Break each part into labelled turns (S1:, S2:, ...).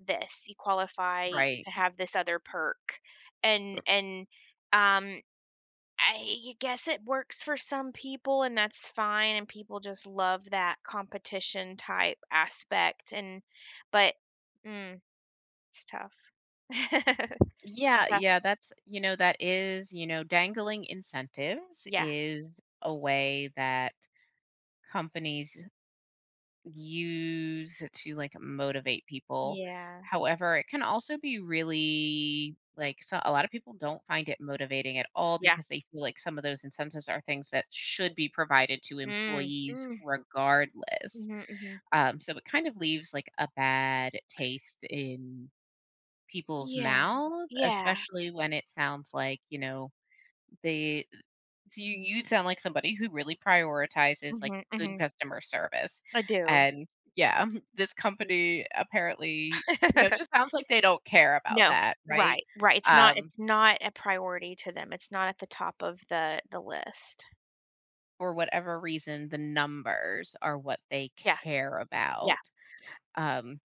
S1: This. You qualify
S2: Right.
S1: to have this other perk. And
S2: R
S1: and, um, I guess it works for some people, and that's fine, and people just love that competition-type aspect and but mm, it's tough. It's
S2: Yeah.
S1: tough.
S2: Yeah, that's you know, that is you know, dangling incentives
S1: Yeah.
S2: is a way that companies use to, like, motivate people.
S1: Yeah.
S2: However, it can also be really, like so, a lotta people don't find it motivating at all
S1: Yeah.
S2: because they feel like some of those incentives are things that should be provided to
S1: Mm,
S2: employees
S1: mm.
S2: regardless.
S1: Mhm, mhm.
S2: Um, so, it kind of leaves, like, a bad taste in people's
S1: Yeah,
S2: mouths,
S1: yeah.
S2: especially when it sounds like, you know, they th so you you sound like somebody who really prioritizes, like,
S1: Mhm.
S2: good
S1: Mhm.
S2: customer service,
S1: I do.
S2: and yeah, this company, apparently, you know, just sounds like they don't care about
S1: No.
S2: that, right?
S1: Right, right. It's not it's
S2: Um
S1: not a priority to them. It's not at the top of the the list.
S2: For whatever reason, the numbers are what they
S1: Yeah.
S2: care
S1: Yeah.
S2: about. Um,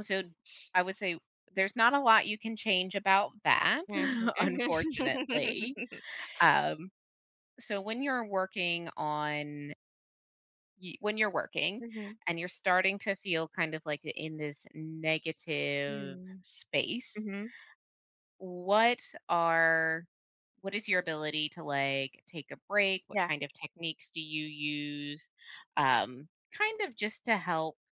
S2: so, I would say there's not a lot you can change about that,
S1: Mhm. Mhm.
S2: unfortunately. Um, so, when you're working on y when you're working
S1: Mhm.
S2: and you're starting to feel kind of, like, th in this negative
S1: Mm.
S2: space
S1: Mhm.
S2: what are what is your ability to, like, take a break? What
S1: Yeah.
S2: kind of techniques do you use? Um, kind of just to help